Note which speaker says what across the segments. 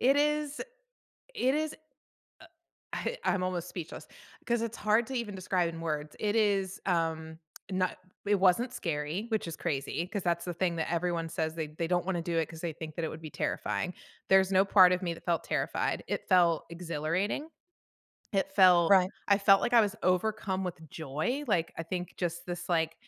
Speaker 1: It is it is uh, I I'm almost speechless, 'cause it's hard to even describe in words. It is, um no, it wasn't scary, which is crazy, 'cause that's the thing that everyone says they they don't wanna do it 'cause they think that it would be terrifying. There's no part of me that felt terrified. It felt exhilarating, it felt
Speaker 2: Right.
Speaker 1: I felt like I was overcome with joy, like, I think just this, like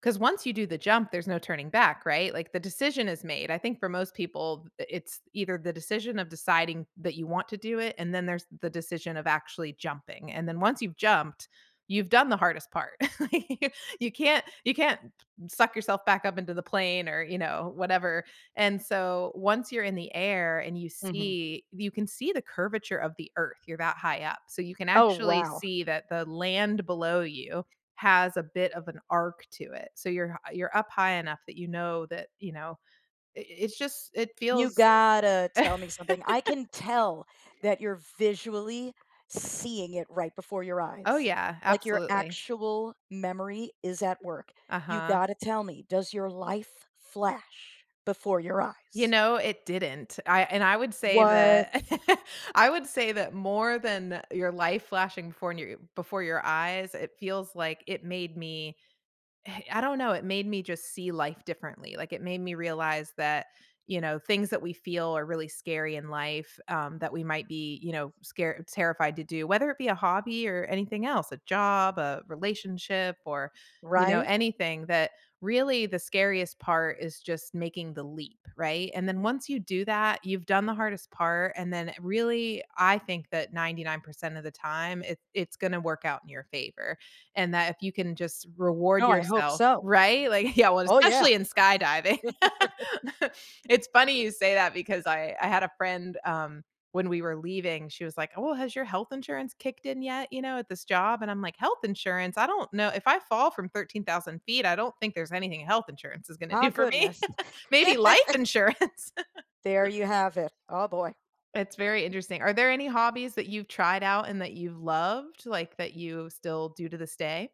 Speaker 1: 'cause once you do the jump, there's no turning back, right? Like, the decision is made. I think for most people, th it's either the decision of deciding that you want to do it, and then there's the decision of actually jumping, and then, once you've jumped, you've done the hardest part. Like, you you can't you can't suck yourself back up into the plane or, you know, whatever. And so, once you're in the air, and you
Speaker 2: Mhm.
Speaker 1: see you can see the curvature of the Earth, you're that high up. So you can
Speaker 2: Oh,
Speaker 1: actually
Speaker 2: wow.
Speaker 1: see that the land below you has a bit of an arc to it. So you're hi you're up high enough that you know that you know, i i it's just it
Speaker 2: You've
Speaker 1: feels
Speaker 2: gotta tell me something. I can tell that you're visually seeing it right before your
Speaker 1: Oh,
Speaker 2: eyes.
Speaker 1: yeah,
Speaker 2: Like, your
Speaker 1: absolutely.
Speaker 2: actual memory is at work. You
Speaker 1: Uh-huh.
Speaker 2: gotta tell me, does your life flash before your
Speaker 1: You
Speaker 2: eyes?
Speaker 1: know, it didn't. I and I would say
Speaker 2: What?
Speaker 1: that I would say that more than your life flashing before new eh, before your eyes, it feels like, it made me eh, I don't know, it made me just see life differently, like, it made me realize that, you know, things that we feel are really scary in life, um, that we might be, you know, scare terrified to do, whether it be a hobby, or anything else, a job, a relationship, or, you know,
Speaker 2: Right.
Speaker 1: anything, that really the scariest part is just making the leap, right? And then, once you do that, you've done the hardest part, and then it really I think that 99% of the time, it it's gonna work out in your favor, and that if you can just reward
Speaker 2: Oh, I hope
Speaker 1: yourself.
Speaker 2: so.
Speaker 1: Right? Like, yeah, well,
Speaker 2: Oh, yeah.
Speaker 1: especially in skydiving. It's funny you say that, because I I had a friend, um, when we were leaving, she was like, "Oh, has your health insurance kicked in yet, you know, at this job?" And I'm like, "Health insurance?" I don't kno if I fall from 13,000 feet, I don't think there's anything health insurance is gonna
Speaker 2: Ah,
Speaker 1: do for me.
Speaker 2: goodness.
Speaker 1: Maybe life insurance.
Speaker 2: There you have it. Oh, boy.
Speaker 1: It's very interesting. Are there any hobbies that you've tried out and that you've loved, like, that you still do to this day?